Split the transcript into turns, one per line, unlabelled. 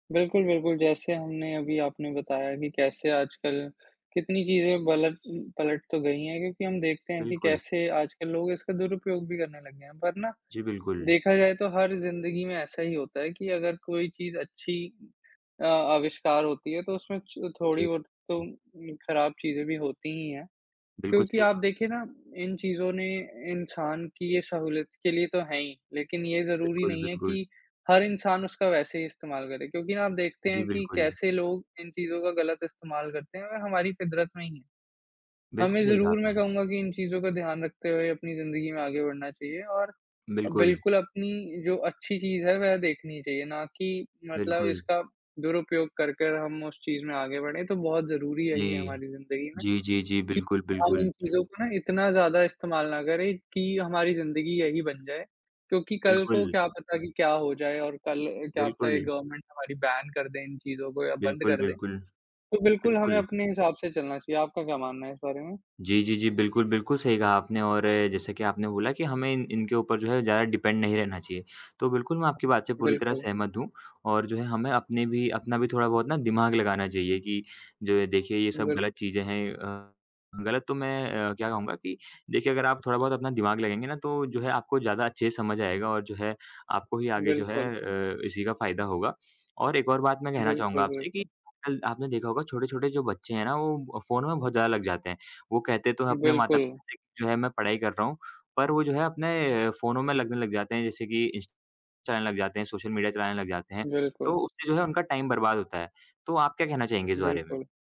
बिल्कुल, बिल्कुल। जैसे हमने अभी आपने बताया कि कैसे आजकल कितनी चीज़ें बलट पलट तो गई हैं क्योंकि हम देखते हैं कि
बिल्कुल।
कैसे आजकल लोग इसका दुरुपयोग भी करने लगे हैं। पर ना,
जी, बिल्कुल।
देखा जाए तो हर ज़िंदगी में ऐसा ही होता है कि अगर कोई चीज़ अच्छी अ, आविष्कार होती है तो उसमें च थोड़ी
जी,
बहुत तो
जी।
उम, खराब चीज़ें भी होती ही हैं।
बिल्कुल,
क्योंकि
सही
आप
कहा।
देखिए ना, इन चीज़ों ने इंसान की ये सहूलियत के लिए तो हैं ही लेकिन ये ज़रूरी
बिल्कुल,
नहीं है
बिल्कुल।
कि हर इंसान उसका वैसे ही इस्तेमाल करे क्योंकि आप देखते
जी,
हैं कि
बिल्कुल।
कैसे लोग इन चीज़ों का गलत इस्तेमाल करते हैं और हमारी फितरत में ही है।
बिल्कुल,
हमें
सही कहा
ज़रूर, मैं
आपने।
कहूँगा कि इन चीज़ों का ध्यान रखते हुए अपनी ज़िंदगी में आगे बढ़ना चाहिए और
बिल्कुल।
बिल्कुल अपनी जो अच्छी चीज़ है, वह देखनी चाहिए, ना कि मतलब
बिल्कुल।
इसका दुरुपयोग करके हम उस चीज़ में आगे बढ़ें। तो बहुत ज़रूरी
जी,
यही है हमारी ज़िंदगी में,
जी, जी, जी,
कि
बिल्कुल,
हम
बिल्कुल।
इन चीज़ों को ना इतना ज़्यादा इस्तेमाल ना करें कि हमारी ज़िंदगी यही बन जाए। क्योंकि कल को
बिल्कुल।
क्या पता कि क्या हो जाए और कल क्या पता ये
बिल्कुल।
गवर्नमेंट हमारी बैन कर दे इन चीज़ों को या बंद
बिल्कुल,
कर दे।
बिल्कुल।
तो बिल्कुल हमें
बिल्कुल।
अपने हिसाब से चलना चाहिए। आपका क्या मानना है इस बारे में?
जी, जी, जी, बिल्कुल, बिल्कुल सही कहा आपने और जैसे कि आपने बोला कि हमें इन इनके ऊपर जो है ज़्यादा डिपेंड नहीं रहना चाहिए, तो बिल्कुल मैं आपकी बात से पूरी तरह
बिल्कुल।
सहमत हूँ और जो है, हमें अपने भी अपना भी थोड़ा बहुत ना दिमाग लगाना चाहिए कि द देखिए, ये सब
बिल
गलत चीज़ें हैं। अ, गलत तो मैं अ, क्या कहूँगा कि देखिए, अगर आप थोड़ा बहुत अपना दिमाग लगाएँगे ना, तो जो है आपको ज़्यादा अच्छे से समझ आएगा और जो है आपको ही आगे जो है
बिल्कुल।
अ, इसी का फ़ायदा होगा। और एक और बात मैं कहना चाहूँगा
बिल्कुल,
आपसे कि
बिल्कुल।
आजकल आपने देखा होगा, छोटे-छोटे जो बच्चे हैं ना, वो अ, फ़ोन में बहुत ज़्यादा लग जाते हैं। वो कहते तो हैं अपने
बिल्कुल।
माता-पिता से कि जो है मैं पढ़ाई कर रहा हूँ, पर वो जो है अपने फ़ोनों में लगने लग जाते हैं। जैसे कि इंस चलाने लग जाते हैं, सोशल मीडिया चलाने लग जाते हैं, तो
बिल्कुल।
उससे जो है उनका टाइम बर्बाद होता है। तो आप क्या कहना चाहेंगे इस बारे में?
बिल्कुल।